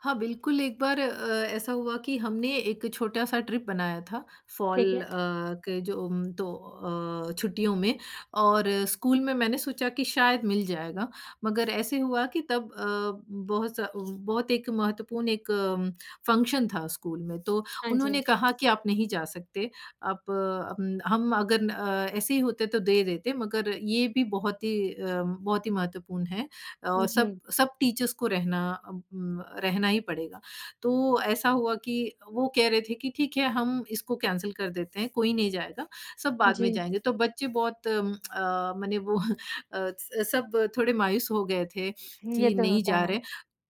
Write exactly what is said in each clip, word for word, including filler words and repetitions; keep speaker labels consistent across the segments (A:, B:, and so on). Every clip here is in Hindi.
A: हाँ, बिल्कुल, एक बार अ, ऐसा हुआ कि हमने एक छोटा-सा ट्रिप बनाया था,
B: ठीक
A: फॉल अ,
B: है।
A: के जो उम, तो अ, छुट्टियों में, और स्कूल में मैंने सोचा कि शायद मिल जाएगा। मगर ऐसे हुआ कि तब अ, बहुत स बहुत एक महत्वपूर्ण एक अम, फंक्शन था, स्कूल में। तो
B: हाँ
A: उन्होंने
B: जी।
A: कहा कि, "आप नहीं जा सकते। आप अम, हम अगन अ, ऐसे ही होते, तो दे देते। मगर ये भी बहुत ही अ, बहुत ही महत्वपूर्ण है। अ, सब
B: जी।
A: सब टीचर्स को रहना अ उम, रहना ही पड़ेगा।" तो ऐसा हुआ कि वो कह रहे थे कि, "ठीक है, हम इसको कैंसल कर देते हैं, कोई नहीं जाएगा। सब बाद में
B: जी।
A: जाएँगे।" तो बच्चे बहुत अ, मने वो अ, स सब थोड़े मायूस हो गए थे,
B: ये
A: कि,
B: तो
A: "नहीं,
B: होता
A: जा
B: है।
A: रहे हैं।"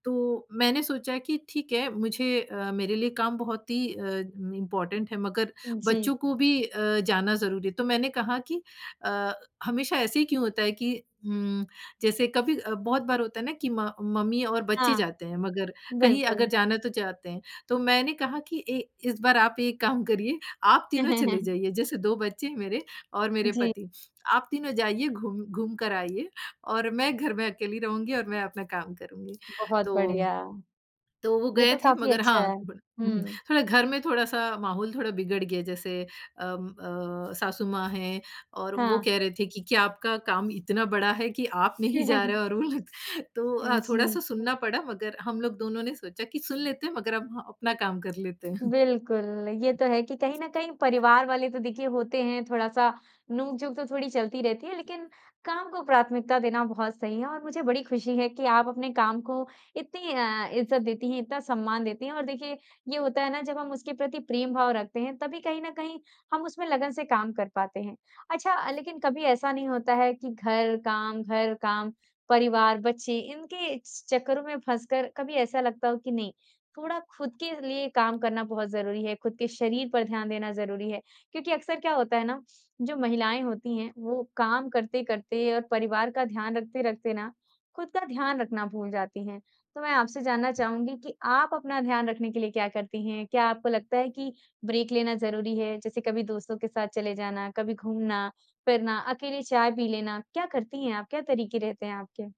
A: तो मैंने सोचा कि "ठीक है। मुझे अ, मेरे लिए काम बहुत ही अम, इम्पॉर्टेंट है, मगर
B: जी।
A: बच्चों को भी अ, जाना ज़रूरी है।" तो मैंने कहा कि अ, हमेशा ऐसे ही क्यों होता है कि उम, जैसे कभी अ, बहुत बार होता है ना कि म मम्मी और बच्चे
B: हाँ।
A: जाते हैं, मगर, कहीं अगर
B: बिल्कुल।
A: जाना तो चाहते हैं। तो मैंने कहा कि, "ऐ इस बार आप एक काम करिए, आप तीनों चले जाइए।" जैसे दो बच्चे हैं मेरे, और मेरे
B: जी।
A: पति। "आप तीनों जाइए, घूम घूम कर आइए, और मैं घर में अकेली रहूँगी और मैं अपना काम करूँगी।"
B: बहुत
A: तो
B: बढ़िया।
A: तो वो
B: ये
A: गए
B: तो
A: थे,
B: काफ़ी
A: मगर
B: अच्छा है।
A: हाँ, बड़ा हुँ, हुँ,
B: हुँ।
A: थोड़ा घर में थोड़ा-सा माहौल थोड़ा बिगड़ गया। जैसे अम, अ, सासु माँ हैं और वो
B: हाँ।
A: कह रहे थे कि, "क्या आपका काम इतना बड़ा है कि आप नहीं जा रहे हो और वो लोग" तो अ,
B: हाँ जी।
A: थोड़ा-सा सुनना पड़ा, मगर हम लोग दोनों ने सोचा कि, सुन लेते हैं, मगर अब, हाँ, अपना काम कर लेते हैं।
B: बिल्कुल, ये तो है कि कहीं न कहीं, परिवार वाले तो, देखिए, होते हैं। थोड़ा-सा नोक-झोंक तो थोड़ी चलती रहती है, लेकिन काम को प्राथमिकता देना बहुत सही है, और मुझे बड़ी खुशी है कि आप अपने काम को इतनी अ, इज़्ज़त देती हैं, इतना सम्मान देती हैं, और देखिए, ये होता है ना, जब हम उसके प्रति प्रेम भाव रखते हैं, तभी कहीं न कहीं, हम उसमें लगन से काम कर पाते हैं। अच्छा, लेकिन कभी ऐसा नहीं होता है कि घर, काम घर, काम, परिवार, बच्चे, इनके चक्करों में फँसकर कभी ऐसा लगता हो कि नहीं, थोड़ा खुद के लिए काम करना बहुत ज़रूरी है, खुद के शरीर पर ध्यान देना ज़रूरी है। क्योंकि अक्सर क्या होता है ना, जो महिलाएँ होती हैं, वो काम करते-करते और परिवार का ध्यान रखते-रखते ना, खुद का ध्यान रखना भूल जाती हैं। तो मैं आपसे जानना चाहूँगी कि आप अपना ध्यान रखने के लिए क्या करती हैं? क्या आपको लगता है कि ब्रेक लेना ज़रूरी है? जैसे कभी दोस्तों के साथ चले जाना, कभी घूमना-फिरना, अकेले चाय पी लेना, क्या करती हैं आप? क्या तरीके रहते हैं आपके?